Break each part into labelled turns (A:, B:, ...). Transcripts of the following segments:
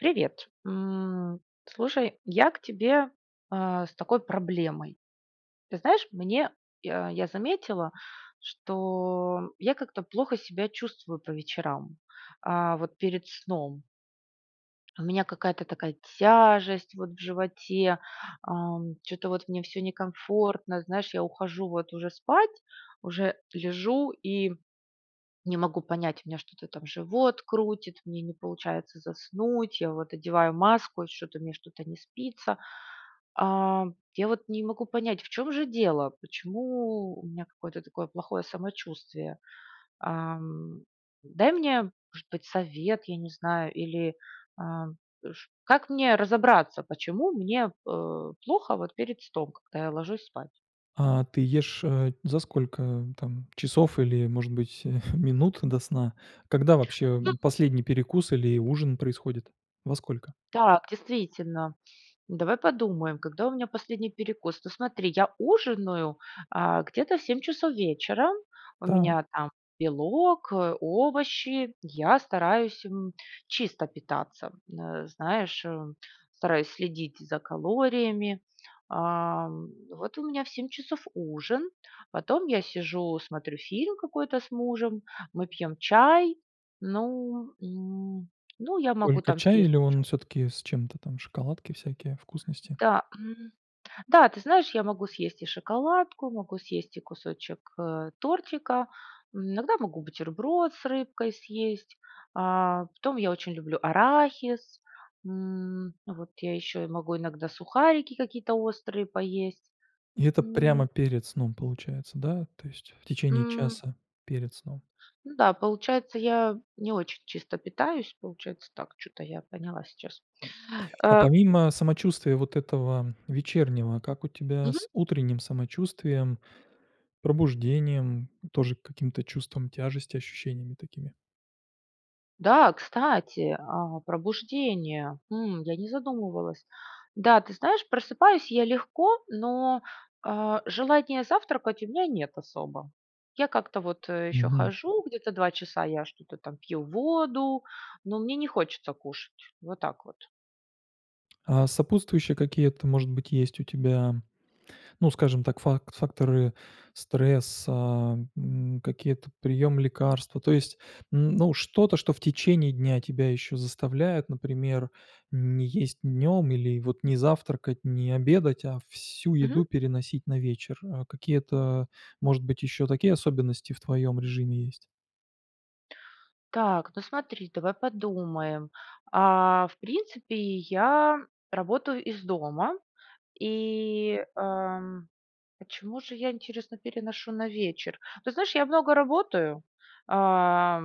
A: Привет! М, слушай, я к тебе, а, с такой проблемой: ты знаешь, мне я я заметила, что я как-то плохо себя чувствую по вечерам, а, вот перед сном. У меня какая-то такая тяжесть вот в животе, ам, чё-то вот мне всё некомфортно. Знаешь, я ухожу вот уже спать, уже лежу и не могу понять у меня что-то там живот крутит, мне не получается заснуть, я вот одеваю маску, и что-то мне что-то не спится. А, я вот не могу понять, в чём же дело? Почему у меня какое-то такое плохое самочувствие, ам. Дай мне может быть совет, я не знаю, или, а, ш как мне разобраться, почему мне, э, плохо вот перед сном, когда я ложусь спать?
B: А, ты ешь, э, за сколько там часов или может быть минут до сна? Когда вообще,
A: Ну
B: м, последний перекус или ужин происходит? Во сколько?
A: Так, действительно, давай подумаем, когда у меня последний перекус? Ну смотри, я ужинаю, а, где-то в 7:00 часов вечера, у меня
B: Так.
A: там белок, э, овощи. Я стараюсь, м, чисто питаться, н э, знаешь, э, стараюсь следить за калориями, ам. Вот у меня в 7:00 часов ужин, потом я сижу смотрю фильм какой-то с мужем, мы пьем чай, ну, м, ну я могу
B: Только
A: там
B: чай
A: съесть
B: или
A: ещё
B: он всё-таки с чем-то там, шоколадки всякие, вкусности?
A: Да, м. Да, ты знаешь, я могу съесть и шоколадку, могу съесть и кусочек, э, тортика, м, иногда могу бутерброд с рыбкой съесть, а потом я очень люблю арахис, м, вот я еще и могу иногда сухарики какие-то острые поесть.
B: И это
A: М
B: прямо перед сном получается, да? То есть, в течение
A: М.
B: часа перед сном?
A: Ну да, получается, я не очень чисто питаюсь, получается так, чё-то я поняла сейчас,
B: А
A: а
B: помимо самочувствия вот этого вечернего, как у тебя
A: Мгм.
B: с утренним самочувствием, пробуждением, тоже каким-то чувством тяжести, ощущениями такими?
A: Да, кстати, а, пробуждение. Хм. Я не задумывалась. Да, ты знаешь, просыпаюсь я легко, но, а, желания завтракать у меня нет особо. Я как-то вот, э, ещё
B: Мгм.
A: хожу, где-то 2 часа я что-то там пью воду, но мне не хочется кушать. Вот так вот.
B: А сопутствующие какие-то может быть есть у тебя, ну скажем так, фак факторы стресса, м, какие-то приём лекарства, то есть, м, ну, что-то, что в течение дня тебя еще заставляет, например, не есть днём или вот не завтракать, не обедать, а всю
A: Мгм.
B: еду переносить на вечер. А, какие-то, может быть, ещё такие особенности в твоем режиме есть?
A: Так, ну смотри, давай подумаем. А, в принципе, я работаю из дома и, ам, почему же я, интересно, переношу на вечер? Ты знаешь, я много работаю, а,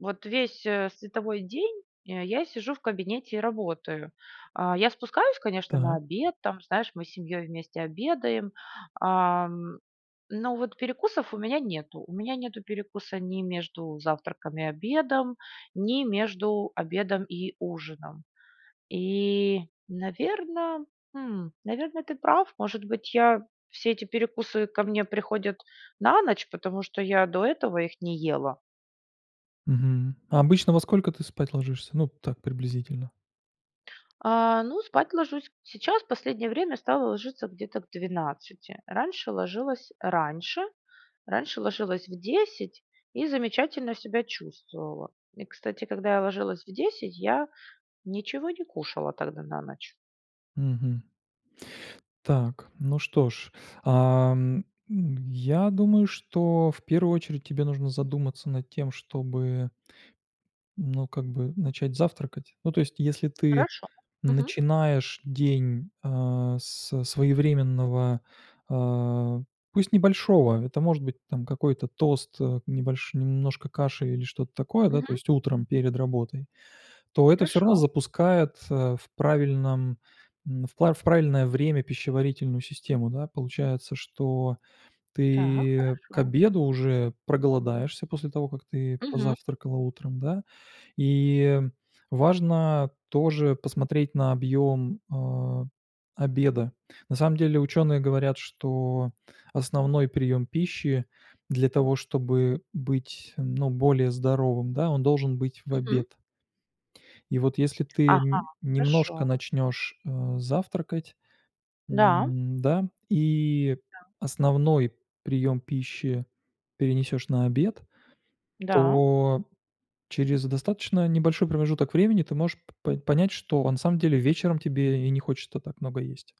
A: вот весь, э, световой день я сижу в кабинете и работаю. А, я спускаюсь, конечно, на
B: Так.
A: обед, там, знаешь, мы с семьёй вместе обедаем, ам. Но вот перекусов у меня нету. У меня нету перекуса ни между завтраком и обедом, ни между обедом и ужином. И, наверно, хм, наверно, ты прав, может быть я, все эти перекусы ко мне приходят на ночь, потому что я до этого их не ела.
B: Мгм. А обычно во сколько ты спать ложишься? Ну так приблизительно.
A: А, ну спать ложусь сейчас, последнее время стала ложиться где-то к 12:00. Раньше ложилась раньше, раньше ложилась в 10:00 и замечательно себя чувствовала. И, кстати, когда я ложилась в 10:00, я ничего не кушала тогда на ночь.
B: Мгм. Так, ну что ж. Ам, м, я думаю, что в 1 очередь тебе нужно задуматься над тем, чтобы ну, как бы начать завтракать. Ну то, есть, если ты
A: Хорошо, мгм.
B: начинаешь день а со своевременного, a, пусть небольшого, это может быть там какой-то тост, э, небольш немножко каши или что-то такое, да, то
A: Мгм.
B: есть утром перед работой. То это всё равно
A: Хорошо.
B: запускает, э, в правильном, м, в пра в правильное время пищеварительную систему, да? Получается, что
A: Так,
B: ты к
A: хорошо.
B: обеду уже проголодаешься после того, как ты
A: Мгм.
B: позавтракала утром, да? И важно тоже посмотреть на объём, а, обеда. На самом деле, ученые говорят, что основной прием пищи для того, чтобы быть ну более здоровым, да, он должен быть в
A: Мгм.
B: обед. И вот если ты
A: Ага.
B: н немножко
A: Хорошо.
B: начнёшь, а, завтракать,
A: Да.
B: м, да? И
A: Да.
B: основной приём пищи перенесешь на обед,
A: Да.
B: то через достаточно небольшой промежуток времени ты можешь п по понять, что на самом деле вечером тебе и не хочется так много есть.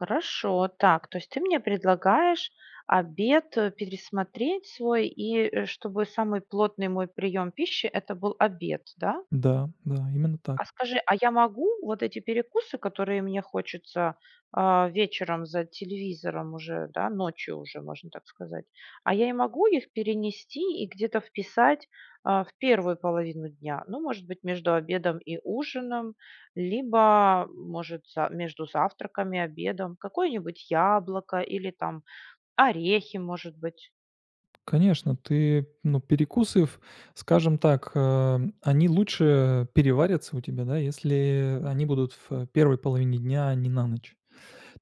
A: Хорошо. Так. То есть ты мне предлагаешь обед, э, пересмотреть свой, и, э, чтобы самый плотный мой прием пищи это был обед, да?
B: Да, да, именно так.
A: А скажи, а я могу вот эти перекусы, которые мне хочется, а, вечером за телевизором уже, да, ночью уже, можно так сказать. А я и могу их перенести и где-то вписать, а, в первую половину дня? Ну, может быть, между обедом и ужином, либо, может за между завтраком и обедом. Какое-нибудь яблоко или, там, орехи может быть.
B: Конечно, ты, ну, перекусы ф скажем так, а, они лучше переварятся у тебя, да, если, э, они будут в первой половине дня, а не на ночь.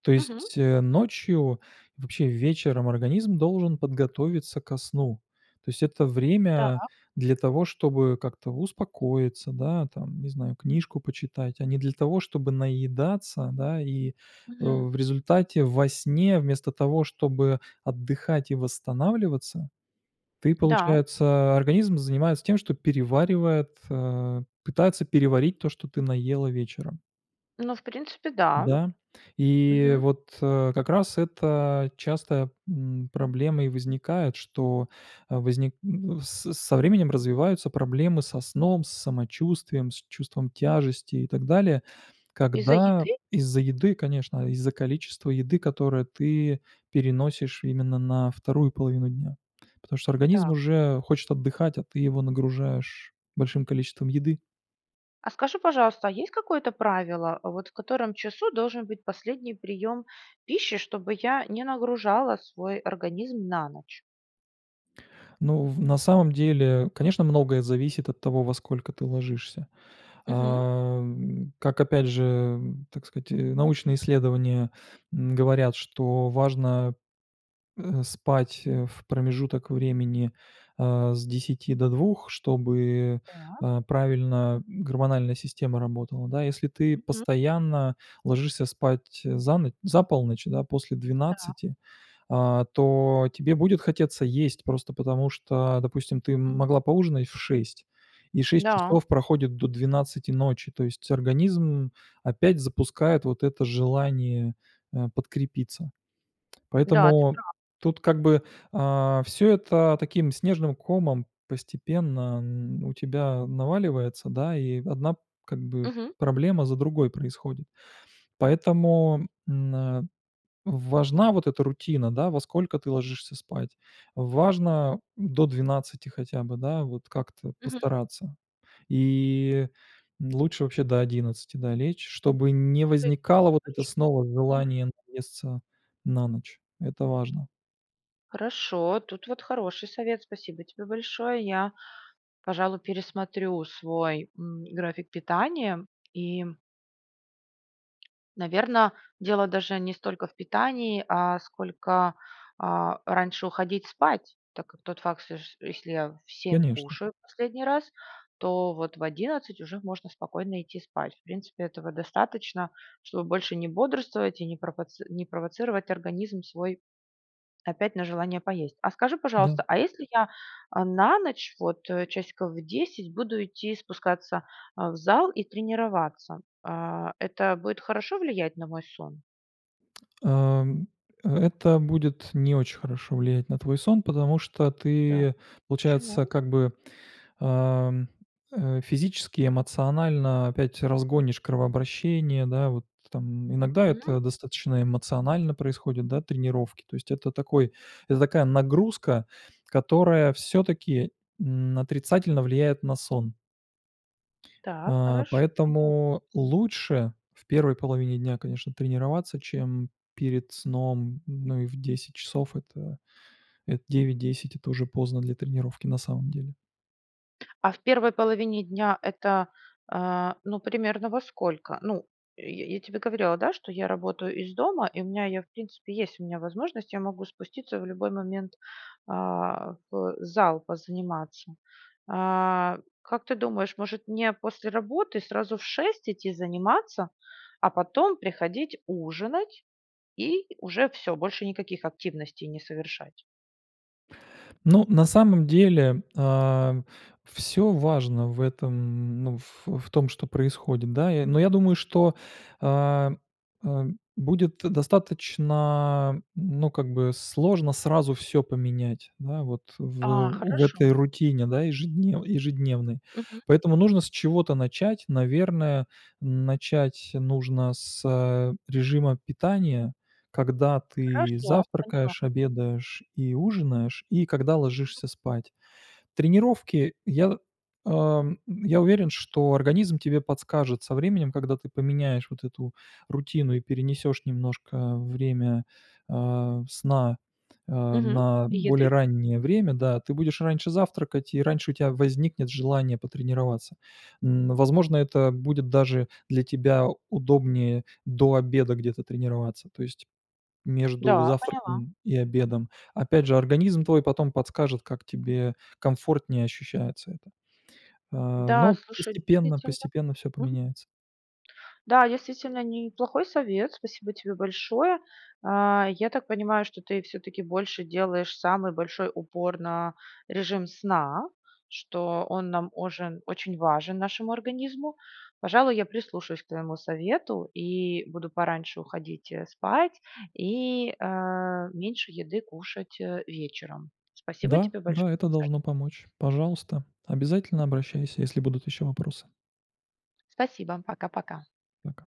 B: То
A: Мгм.
B: есть, э, ночью, вообще вечером организм должен подготовиться ко сну. То есть это время
A: Та.
B: для того, чтобы как-то успокоиться, да там, не знаю, книжку почитать, а не для того, чтобы наедаться, да, и. Э,
A: Мгм.
B: в результате во сне, вместо того, чтобы отдыхать и восстанавливаться, ты,
A: Да.
B: получается организм занимается тем, что переваривает, а, пытается переварить то, что ты наела вечером.
A: Ну в принципе, да.
B: Да. И
A: Мгм.
B: вот, э, как раз, это частая, м, проблема и возникает, что, э, возник с с со временем развиваются проблемы со сном, с самочувствием, с чувством тяжести и так далее.
A: Из-за
B: Когда
A: еды?
B: из-за еды, конечно, из-за количества еды, которое ты переносишь именно на вторую половину дня. Потому что организм
A: Так.
B: уже хочет отдыхать, а ты его нагружаешь большим количеством еды.
A: А скажи, пожалуйста, а есть какое-то правило? А вот в котором часу должен быть последний прием пищи, чтобы я не нагружала свой организм на ночь?
B: Ну, в на самом деле, конечно, многое зависит от того, во сколько ты ложишься.
A: Мгм.
B: Ам, как, опять же, так сказать, э, научные исследования, м, говорят, что важно, э, спать, э, в промежуток времени, а, с 10 до 2, чтобы,
A: Так.
B: э, правильно, м, гормональная система работала. Да, если ты
A: [unintelligible]
B: постоянно ложишься спать, э, за но за полночь, да, после
A: Та.
B: 12. А, то тебе будет хотеться есть, просто потому, что, допустим, ты м могла поужинать в 6:00 и 6
A: Да.
B: часов проходит до 12:00 ночи. То есть организм опять запускает вот это желание, э, подкрепиться.
A: Да, ты
B: Поэтому
A: прав.
B: тут как бы, а, всё это таким снежным комом постепенно н у тебя наваливается, да, и одна, как бы,
A: Мгм.
B: проблема за другой происходит. Поэтому, м, а, важна вот эта рутина, да: во сколько ты ложишься спать. Важно, м, до 12 хотя бы, да, вот как-то
A: Мгм.
B: постараться. И, м, лучше вообще до 11 да, лечь, чтобы не
A: Ух ты!
B: возникало вот это
A: Хорошо.
B: снова
A: Мгм.
B: желание наесться на ночь. Это важно.
A: Хорошо, тут вот хороший совет, спасибо тебе большое. Я, пожалуй, пересмотрю свой, м, график питания, и. Наверно, дело даже не столько в питании, а сколько, а, раньше уходить спать. Так как тот факт, [unintelligible] если я в 7
B: Конечно.
A: кушаю последний раз, то вот в 11 уже можно спокойно идти спать. В принципе, этого достаточно, чтобы больше не бодрствовать и не пропоци не провоцировать организм свой опять на желание поесть. А скажи,
B: Да.
A: пожалуйста, а если я, а, на ночь, вот, э, часиков в 10, буду идти и спускаться, а, в зал и тренироваться? А, это будет хорошо влиять на мой сон?
B: Ам, э это будет не очень хорошо влиять на твой сон, потому что
A: Та.
B: ты, получается
A: Чему?
B: как бы, ам, э, физически, эмоционально опять разгонишь кровообращение, да, вот там. Иногда
A: Мгм.
B: это достаточно эмоционально происходит, да, тренировки. То есть это такой это такая нагрузка, которая всё-таки н отрицательно влияет на сон.
A: Так,
B: А.
A: хорошо, поняла.
B: Поэтому лучше в первой половине дня, конечно, тренироваться, чем перед сном. Ну и в 10 часов, это эт 9-10- это уже поздно для тренировки, на самом деле.
A: А в первой половине дня это, а, ну примерно, во сколько? Ну, я я тебе говорила, да, что я работаю из дома и у меня, я, в принципе, есть у меня возможность, я могу спуститься в любой момент, а, в зал позаниматься. А как ты думаешь, может мне после работы сразу в 6 идти заниматься? А потом приходить ужинать и уже всё, больше никаких активностей не совершать?
B: Ну, на самом деле, а, всё важно в этом, ну, ф в том, что происходит, да? Я, но я думаю, что, а, а, будет достаточно н ну, как бы сложно сразу всё поменять, да, вот, в, э,
A: А.
B: у в этой
A: Хорошо.
B: рутине, да, ежеднев ежедневной.
A: Мгм.
B: Поэтому нужно с чего-то начать. Наверное, начать нужно с, а, режима питания. Когда ты
A: Хорошо, поняла.
B: завтракаешь, обедаешь и ужинаешь, и когда ложишься спать. Тренировки, я, ам, я уверен, что организм тебе подскажет со временем, когда ты поменяешь вот эту рутину и перенесешь немножко время, а, сна, а,
A: Мгм.
B: на
A: И
B: более
A: еды?
B: раннее время. Да, ты будешь раньше завтракать и раньше у тебя возникнет желание потренироваться. Н, возможно, это будет, даже, для тебя удобнее до обеда где-то тренироваться, то есть между
A: Да, поняла.
B: завтраком и обедом. Опять же, организм твой потом подскажет, как тебе комфортнее ощущается это. А,
A: Да,
B: ну
A: слушай,
B: постепенно,
A: действительно,
B: постепенно всё
A: мгм.
B: поменяется.
A: Да, действительно неплохой совет, спасибо тебе большое. А, я так понимаю, что ты всё-таки, больше делаешь самый большой упор на режим сна. Что он нам ожен очень важен нашему организму. Пожалуй, я прислушаюсь к твоему совету и буду пораньше уходить, э, спать и, а, меньше еды кушать, э, вечером. Спасибо
B: Да,
A: тебе большо
B: да, это
A: [unintelligible]
B: должно помочь. Пожалуйста, обязательно обращайся, если будут еще вопросы.
A: Спасибо! Пока-пока!
B: Пока.